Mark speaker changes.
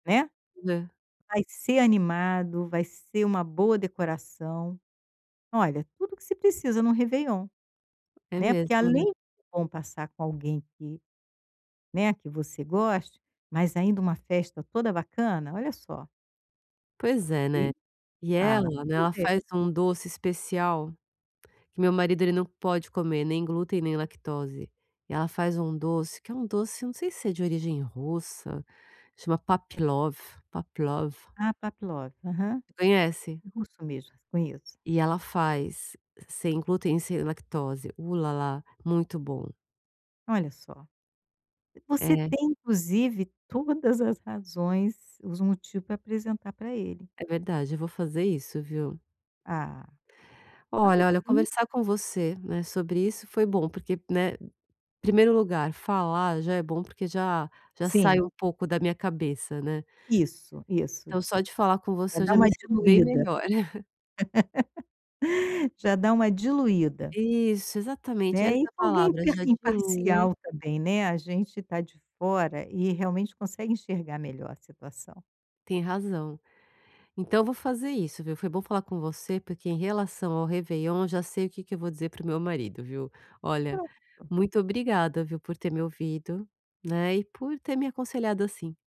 Speaker 1: Né,
Speaker 2: Né.
Speaker 1: vai ser animado, vai ser uma boa decoração, olha, tudo que se precisa em um réveillon,
Speaker 2: É
Speaker 1: né, porque
Speaker 2: mesmo, né.
Speaker 1: além bom passar com alguém que, né, que você goste, mas ainda uma festa toda bacana, olha só.
Speaker 2: Pois é,
Speaker 1: E,
Speaker 2: né, e
Speaker 1: ah
Speaker 2: ela, né,
Speaker 1: pois
Speaker 2: ela
Speaker 1: é.
Speaker 2: faz um doce especial, que meu marido ele não pode comer nem glúten nem lactose, ela faz um doce que é um doce eu não sei se é de origem russa, chama pavlove, pavlove.
Speaker 1: Ah, pavlove aham.
Speaker 2: Você conhece?
Speaker 1: Russo mesmo, conheço.
Speaker 2: E ela faz sem glúten sem lactose, u-lá-lá, muito bom.
Speaker 1: Olha só, você
Speaker 2: É.
Speaker 1: tem inclusive todas as razões, os motivo para apresentar para ele.
Speaker 2: É verdade, eu vou fazer isso viu?
Speaker 1: Ah, vai
Speaker 2: Olha, olha,
Speaker 1: sim.
Speaker 2: conversar com você né sobre isso foi bom porque, né, primeiro lugar falar já é bom porque já já sai
Speaker 1: Sim.
Speaker 2: um pouco da minha cabeça, né.
Speaker 1: Isso, isso.
Speaker 2: Então só de falar com
Speaker 1: Já
Speaker 2: você eu
Speaker 1: dá
Speaker 2: já me
Speaker 1: uma
Speaker 2: sinto bem
Speaker 1: diluída.
Speaker 2: melhor.
Speaker 1: Já dá uma diluída.
Speaker 2: Isso exatamente,
Speaker 1: Né, e
Speaker 2: essa
Speaker 1: alguém
Speaker 2: palavra já diluí.
Speaker 1: imparcial também, né, a gente está de fora e realmente consegue enxergar melhor a situação.
Speaker 2: Tem razão. Então eu vou fazer isso viu, foi bom falar com você porque em relação ao réveillon já sei o que que eu vou dizer para o meu marido viu, olha,
Speaker 1: Pronto.
Speaker 2: muito obrigada viu por ter me ouvido, né, e por ter me aconselhado assim.